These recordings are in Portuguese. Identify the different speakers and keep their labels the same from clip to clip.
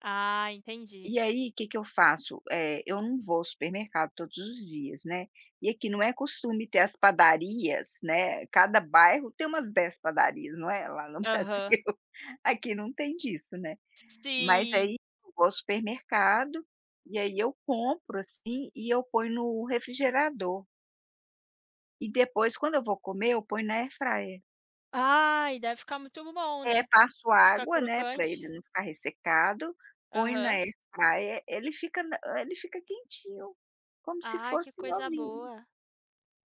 Speaker 1: Ah, entendi.
Speaker 2: E aí, que que eu faço? Eh, eu não vou ao supermercado todos os dias, né, e aqui não é costume ter as padarias, né, cada bairro tem umas 10 padarias, não é lá no
Speaker 1: Aham.
Speaker 2: Brasil, aqui não tem disso, né, mas
Speaker 1: Sim.
Speaker 2: aí eu vou ao supermercado, e aí eu compro, assim, e eu ponho no refrigerador. E depois quando eu vou comer, eu ponho na air fryer.
Speaker 1: Ai, deve ficar muito bom,
Speaker 2: É.
Speaker 1: né?
Speaker 2: Passo
Speaker 1: Fica
Speaker 2: água, né, pra ele
Speaker 1: crocante.
Speaker 2: não ficar ressecado, ponho na
Speaker 1: Aham.
Speaker 2: air fryer, ele fica não, eh, ele fica quentinho, como se
Speaker 1: Ai, que
Speaker 2: fosse
Speaker 1: coisa
Speaker 2: novinho.
Speaker 1: boa.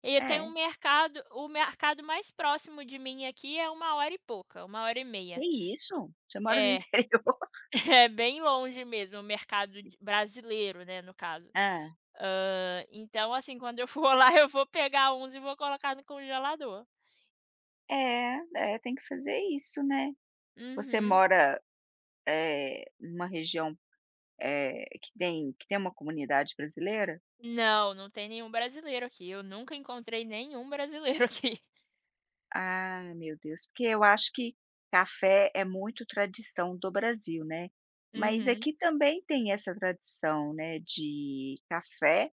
Speaker 1: E eu tenho um
Speaker 2: É.
Speaker 1: mercado o mercado mais próximo de mim aqui, é uma hora e pouca, 1 hora e meia.
Speaker 2: Que isso? Você mora no
Speaker 1: É,
Speaker 2: interior?
Speaker 1: é bem longe mesmo o mercado de brasileiro, né, no caso.
Speaker 2: Hã.
Speaker 1: Hã, então assim, quando eu for lá, eu vou pegar uns e vou colocar no congelador.
Speaker 2: É, é. Tem que fazer isso, né, você
Speaker 1: Uhum.
Speaker 2: mora, eh, em uma região, eh, que tem que tem uma comunidade brasileira?
Speaker 1: Não, não tem nenhum brasileiro aqui, eu nunca encontrei nenhum brasileiro aqui.
Speaker 2: Ah, meu Deus. Porque eu acho que café é muito tradição do Brasil, né, mas
Speaker 1: Uhum.
Speaker 2: aqui também tem essa tradição, né, de café,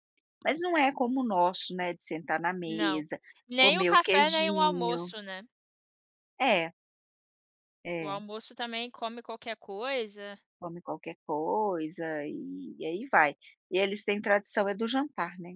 Speaker 2: mas não é como o nosso, né, de sentar na
Speaker 1: Não,
Speaker 2: mesa,
Speaker 1: nem o
Speaker 2: comer o
Speaker 1: café, nem o
Speaker 2: queijinho.
Speaker 1: almoço, né.
Speaker 2: É.
Speaker 1: O
Speaker 2: É.
Speaker 1: almoço também come qualquer coisa.
Speaker 2: Come qualquer coisa e e aí vai. E eles têm tradição é do jantar, né.